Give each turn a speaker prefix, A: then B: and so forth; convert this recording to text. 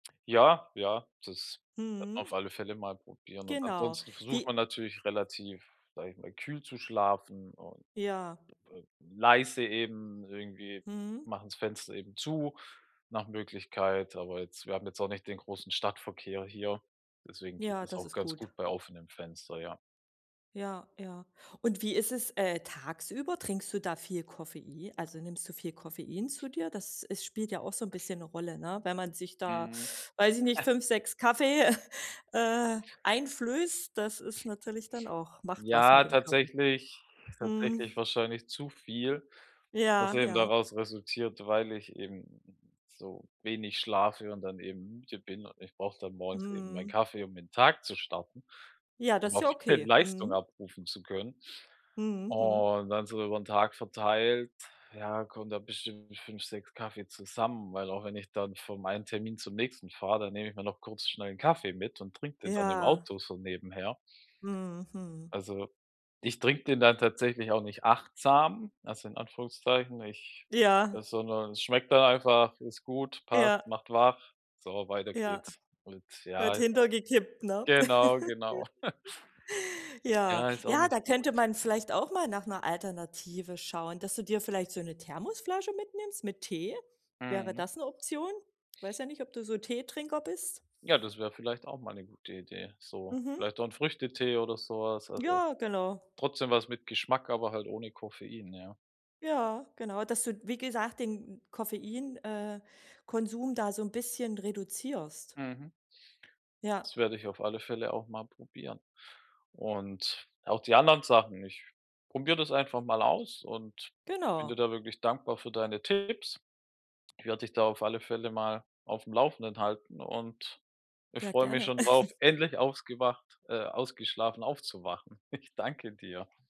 A: Ja, ja, das a
B: Mhm.
A: auf alle Fälle mal probieren, und
B: Genau.
A: ansonsten versucht
B: Wie
A: man natürlich relativ- sage ich mal- kühl zu schlafen und
B: Ja.
A: äh, leise eben irgendwie,
B: Mhm.
A: machen's Fenster eben zu nach Möglichkeit, aber jetzt wir haben jetzt auch nicht den großen Stadtverkehr hier, deswegen geht
B: Ja,
A: das
B: das
A: auch
B: ist
A: ganz
B: gut.
A: gut bei offenem Fenster, ja.
B: Ja, ja. Und wie ist es, äh, tagsüber? Trinkst du da viel Koffei also nimmst du viel Koffein zu dir? Dass es spielt ja auch so 'n bisschen 'ne Rolle, ne? Wenn man sich da,
A: Mhm.
B: weiß ich nicht, 5, 6 Kaffee, äh, einflößt, das ist natürlich dann auch macht was mit
A: Ja,
B: dem Körper.
A: tatsächlich tatsächlich
B: Mhm.
A: wahrscheinlich zu viel, was
B: Ja,
A: eben
B: ja.
A: daraus resultiert, weil ich eben so wenig schlafe und dann eben müde bin, und ich brauche dann morgens eben meinen
B: Mhm.
A: Kaffee, um in 'n Tag zu starten,
B: Ja, das
A: um
B: ist
A: auch
B: ja okay.
A: Leistung
B: Mhm.
A: abrufen zu können.
B: Mhm. Mhm.
A: Und dann so über 'n Tag verteilt, ja, kommen da bestimmt 5, 6 Kaffee zusammen, weil auch wenn ich dann vom einen Termin zum nächsten fahre, dann nehme ich mir noch kurz schnell 'n Kaffee mit und trinke den dann im
B: Ja.
A: Auto so nebenher.
B: Mhm. Mhm.
A: Also, ich trinke den dann tatsächlich auch nicht achtsam, also in Anführungszeichen, ich
B: Ja.
A: äh, sondern es schmeckt dann einfach, ist gut, passt,
B: Ja.
A: macht wach. So, weiter
B: Ja.
A: geht's. Und
B: Wird
A: ja, ist
B: hinter
A: auch
B: gekippt, ne.
A: genau, genau.
B: Ja,
A: Ja, ist auch
B: ja, da
A: nicht gut.
B: könnte man vielleicht auch mal nach 'ner Alternative schauen, dass du dir vielleicht so 'ne Thermosflasche mitnimmst mit Tee. Wäre
A: Mhm.
B: das 'ne Option? Weiß ja nicht, ob du so Teetrinker bist?
A: Ja, das wäre vielleicht auch mal 'ne gute Idee, so.
B: Mhm.
A: Vielleicht auch 'n Früchtetee oder so was, also
B: Ja, genau.
A: trotzdem was mit Geschmack, aber halt ohne Koffein, ja.
B: Ja, genau, dass du, wie gesagt, den Koffein äh, Konsum da so 'n bisschen reduzierst.
A: Mhm.
B: Ja.
A: Das werde ich auf alle Fälle auch mal probieren und auch die anderen Sachen, ich probiere das einfach mal aus und bin dir
B: Genau.
A: da wirklich dankbar für deine Tipps. Ich werde dich da auf alle Fälle mal aufm Laufenden halten und, äh,
B: Ja,
A: freue mich
B: gerne.
A: schon drauf, endlich ausgewacht äh, ausgeschlafen aufzuwachen. Ich danke dir.